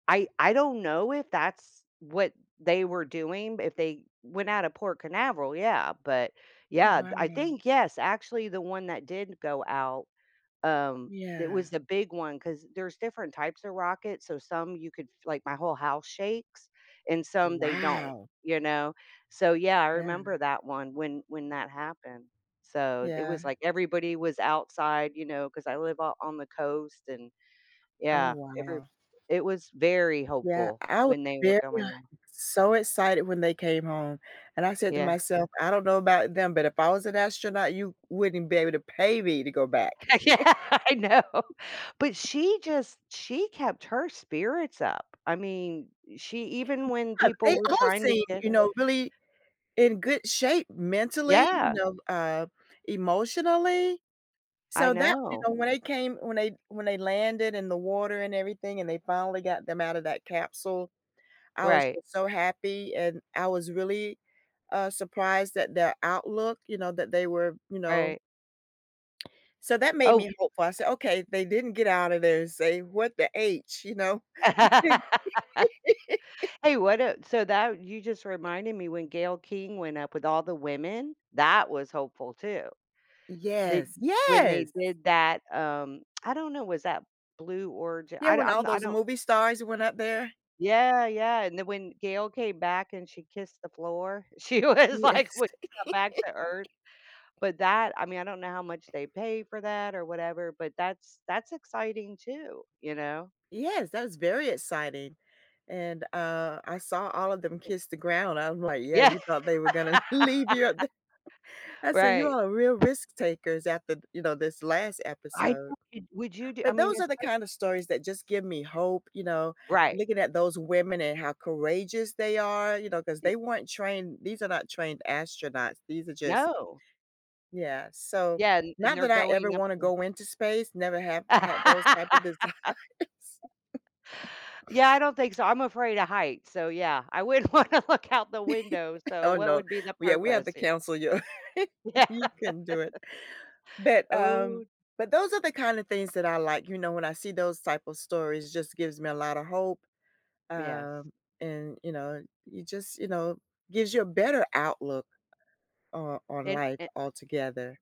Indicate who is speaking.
Speaker 1: I I don't know if that's what they were doing, if they went out of Port Canaveral, yeah, but
Speaker 2: Oh,
Speaker 1: yeah, I
Speaker 2: wow.
Speaker 1: think, yes, actually, the one that did go out, um, it was
Speaker 2: Yeah.
Speaker 1: the big one 'cause there's different types of rockets, so some you could, like, my whole house shakes and some they don't,
Speaker 2: Wow.
Speaker 1: you know. So yeah, I
Speaker 2: Yeah.
Speaker 1: remember that one when when that happened. So it
Speaker 2: Yeah.
Speaker 1: was like everybody was outside, you know, 'cause I live o on the coast and
Speaker 2: Oh,
Speaker 1: yeah, every
Speaker 2: wow.
Speaker 1: it was very
Speaker 2: Yeah,
Speaker 1: hopeful
Speaker 2: I was
Speaker 1: when they were
Speaker 2: very
Speaker 1: coming ho
Speaker 2: so excited when they came home, and I said to
Speaker 1: Yeah.
Speaker 2: myself, "I don't know about them, but if I was an astronaut, you wouldn't be able to pay me to go back."
Speaker 1: Yeah, I know. But she just she kept her spirits up. I mean, she even when
Speaker 2: Yeah,
Speaker 1: people
Speaker 2: they
Speaker 1: were
Speaker 2: all
Speaker 1: trying to
Speaker 2: seem,
Speaker 1: get
Speaker 2: you
Speaker 1: her
Speaker 2: know, really in good shape mentally, you
Speaker 1: Yeah.
Speaker 2: know, uh, emotionally.
Speaker 1: I
Speaker 2: So that, you
Speaker 1: know.
Speaker 2: know, when they came when they when they landed in the water and everything and they finally got them out of that capsule, I was
Speaker 1: Right.
Speaker 2: just so happy and I was really, uh, surprised that their outlook, you know, that they were, you know
Speaker 1: Right.
Speaker 2: So that made
Speaker 1: Oh
Speaker 2: me hopeful. I said, "Okay, they didn't get out of there and say, 'what the h'", you know.
Speaker 1: Hey, what, uh so that you just reminded me when Gayle King went up with all the women, that was hopeful too. Did
Speaker 2: Yes,
Speaker 1: when they
Speaker 2: yes.
Speaker 1: did that, um I don't know, was that Blue Orig
Speaker 2: Yeah,
Speaker 1: I
Speaker 2: when all
Speaker 1: I'm I
Speaker 2: those
Speaker 1: don't
Speaker 2: movie stars went up there.
Speaker 1: Yeah, yeah, and then when Gayle came back and she kissed the floor, she was like w
Speaker 2: Yes.
Speaker 1: when got back to earth, but that I mean, I don't know how much they pay for that or whatever, but that's that's exciting too, you know.
Speaker 2: Yes, that was very exciting, and, uh, I saw all of them
Speaker 1: Right.
Speaker 2: kiss the ground. I'm like, "Yeah,
Speaker 1: Yeah,
Speaker 2: you thought they were gonna leave you up there." I said "You are real
Speaker 1: right.
Speaker 2: risk takers after, you know, this last
Speaker 1: I
Speaker 2: episode."
Speaker 1: wouldn't would you do I
Speaker 2: But
Speaker 1: mean,
Speaker 2: those are
Speaker 1: it's
Speaker 2: the
Speaker 1: like
Speaker 2: kind of stories that just give me hope, you know,
Speaker 1: Right.
Speaker 2: looking at those women and how courageous they are, you know, 'cause
Speaker 1: Yeah.
Speaker 2: they weren't trained, these are not trained astronauts, these are just
Speaker 1: No.
Speaker 2: Yeah, so
Speaker 1: Yeah, and and
Speaker 2: not
Speaker 1: they're
Speaker 2: that I ever
Speaker 1: going up
Speaker 2: wanna
Speaker 1: [unintelligible]
Speaker 2: go into space, never have had those type of desires.
Speaker 1: Yeah, I don't think so. I'm afraid of heights, so yeah, I wouldn't want to look out the window. So
Speaker 2: Oh
Speaker 1: what
Speaker 2: no,
Speaker 1: would be the
Speaker 2: we h we have to
Speaker 1: purpose?
Speaker 2: cancel your
Speaker 1: Yeah.
Speaker 2: You couldn't do it. But, um
Speaker 1: Oh
Speaker 2: but those are the kind of things that I like, you know when I see those type of stories, just gives me a lot of hope,
Speaker 1: Yes.
Speaker 2: um, and, you know, you just you know, gives you a better outlook on on
Speaker 1: And
Speaker 2: life
Speaker 1: an
Speaker 2: altogether.